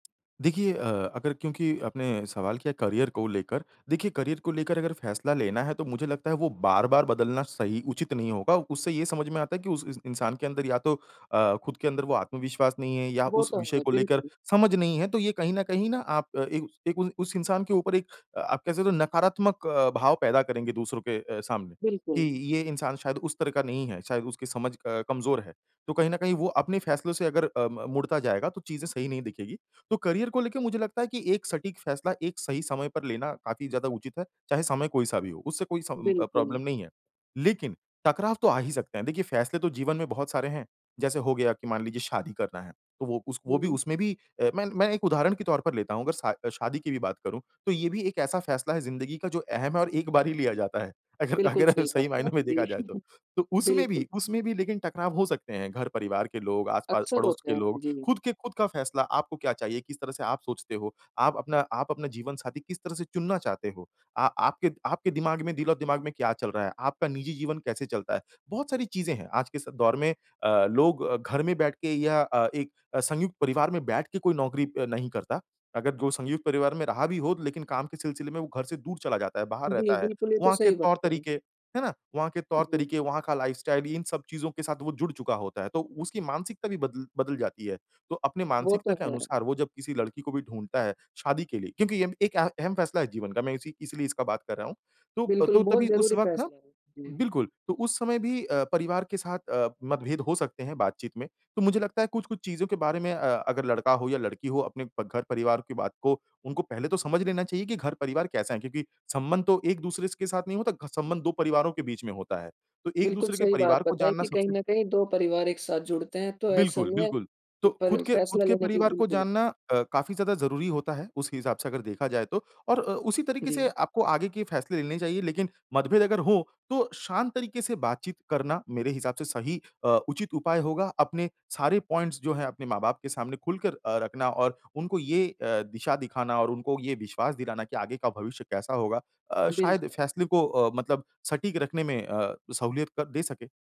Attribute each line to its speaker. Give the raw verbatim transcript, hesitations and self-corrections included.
Speaker 1: देखिए, अ, अगर क्योंकि आपने सवाल किया करियर को लेकर। देखिए करियर को लेकर अगर फैसला लेना है तो मुझे लगता है वो बार-बार बदलना सही उचित नहीं होगा। उससे ये समझ में आता है कि उस इ इंसान के अंदर या तो अ, ख़ुद के अंदर वो आत्मविश्वास नहीं है, या
Speaker 2: वो
Speaker 1: उस
Speaker 2: तो
Speaker 1: विषय
Speaker 2: है,
Speaker 1: को लेकर
Speaker 2: बिल्कुल।
Speaker 1: समझ नहीं है। तो ये कहीं न कहीं न आप इन उ उस इंसान के ऊपर एक आप कह सकते हो नकारात्मक अ, भाव पैदा करेंगे दूसरों के अ, सामने कि
Speaker 2: बिल्कुल।
Speaker 1: ये इंसान शायद उस तरह का नहीं है। शायद उसकी समझ अ, कमज़ोर है। तो कहीं न कहीं वो अपने फैसलों से अगर अ, म मुड़ता जाएगा तो चीज़ें सही नहीं दिखेगी। तो करियर को लेके मुझे लगता है कि एक सटीक फैसला एक सही समय पर लेना काफ़ी ज़्यादा उचित है। चाहे समय कोई-सा भी हो, उससे कोई स अ, प्रॉब्लम
Speaker 2: बिल्कुल।
Speaker 1: नहीं है। लेकिन टकराव तो आ ही सकते हैं। देखिए फैसले तो जीवन में बहुत सारे हैं। जैसे हो गया कि मान लीजिए शादी करना है। तो वो उस वो भी
Speaker 2: हुँ।
Speaker 1: उसमे भी अ, मैं मैं एक उदाहरण के तौर पर लेता हुँ। अगर शा शादी की भी बात करूँ तो ये भी एक ऐसा फ़ैसला हैं ज़िंदगी का जो अहम हैं और एक बार ही लिया जाता हैं। अगर
Speaker 2: बिल्कुल
Speaker 1: अगर हम
Speaker 2: सही
Speaker 1: सही
Speaker 2: बात है।
Speaker 1: मायने में देखा
Speaker 2: जी,
Speaker 1: जाए तो। तो उसमें
Speaker 2: बिल्कुल।
Speaker 1: भी उसमें भी लेकिन टकराव हो सकते हैं, घर-परिवार के लोग आस-पास
Speaker 2: अक्सर
Speaker 1: पड़ोस
Speaker 2: होते
Speaker 1: के
Speaker 2: हैं,
Speaker 1: लोग।
Speaker 2: जी।
Speaker 1: ख़ुद के ख़ुद का फैसला आपको क्या चाहिए? किस तरह से आप सोचते हो? आप अपना आप अपना जीवन साथी किस तरह से चुनना चाहते हो? आ आपके आपके दिमाग में दिल-ओ-दिमाग में क्या चल रहा है? आपका निजी जीवन कैसे चलता है? बहुत सारी चीज़ें हैं। आज के इस दौर में अ, लोग अ, घर में बैठ के या अ, एक अ, संयुक्त परिवार में बैठ के कोई नौकरी अ, नहीं करता। अगर जो संयुक्त परिवार में रहा भी हो लेकिन काम के सिलसिले में वो घर से दूर चला जाता है, बाहर
Speaker 2: जी,
Speaker 1: रहता है।
Speaker 2: बिल्कुल। ये तो
Speaker 1: वहाँ के
Speaker 2: सही बात है।
Speaker 1: तौर-तरीके, है ना? वहाँ के
Speaker 2: जी।
Speaker 1: तौर-तरीके, वहाँ का लाइफ़स्टाइल भी इन सब चीज़ों के साथ वो जुड़ चुका होता है। तो उसकी मानसिकता भी बदल बदल जाती है। तो अपने
Speaker 2: वो
Speaker 1: मानसिकता
Speaker 2: तो
Speaker 1: के
Speaker 2: है।
Speaker 1: अनुसार वो जब किसी लड़की को भी ढूँढ़ता है शादी के लिए। क्योंकि अम एक अहम अहम फैसला है जीवन का। मैं इसी इसलिए इसका बात कर रहा हूँ। तो
Speaker 2: बिल्कुल
Speaker 1: तो
Speaker 2: बहुत
Speaker 1: तभी उस
Speaker 2: ज़रूरी
Speaker 1: वक़्त ना
Speaker 2: फैसला है। हुँ।
Speaker 1: बिल्कुल तो उस समय भी अ, परिवार के साथ अ, मतभेद हो सकते हैं बातचीत में। तो मुझे लगता है कुछ-कुछ चीज़ों के बारे में अ, अगर लड़का हो या लड़की हो अपने प घर-परिवार की बात को उनको पहले तो समझ लेना चाहिए कि घर-परिवार कैसा है? क्योंकि संबंध तो एक-दूसरे स के साथ नहीं होता। संबंध दो परिवारों के बीच में होता है। तो
Speaker 2: बिल्कुल
Speaker 1: एक-दूसरे के
Speaker 2: सही बात
Speaker 1: परिवार को
Speaker 2: बताई
Speaker 1: जानना
Speaker 2: की कहीं
Speaker 1: सबसे
Speaker 2: न कहीं दो परिवार एक साथ जुड़ते हैं तो ऐसे
Speaker 1: बिल्कुल,
Speaker 2: में,
Speaker 1: बिल्कुल। तो ख़ुद
Speaker 2: पर
Speaker 1: के ख़ुद
Speaker 2: फैसला
Speaker 1: के
Speaker 2: लेने की
Speaker 1: परिवार को
Speaker 2: बिल्कुल।
Speaker 1: जानना अ, काफ़ी ज़्यादा ज़रूरी होता है। उस हिसाब से अगर देखा जाए तो और अ, उसी तरीके से
Speaker 2: जी।
Speaker 1: आपको आगे के फैसले लेने चाहिए लेकिन मतभेद अगर हो, तो शांत तरीके से बातचीत करना मेरे हिसाब से सही अ, उचित उपाय होगा। अपने सारे पॉइंट्स जो हैं अपने माँ-बाप के सामने खुलकर अ, रखना और उनको ये अ, दिशा दिखाना और उनको ये विश्वास दिलाना कि आगे का भविष्य कैसा होगा। अ, शायद इस
Speaker 2: बिल्क
Speaker 1: फैसले को अ, मतलब सटीक रखने में अ, सहूलियत क दे सके।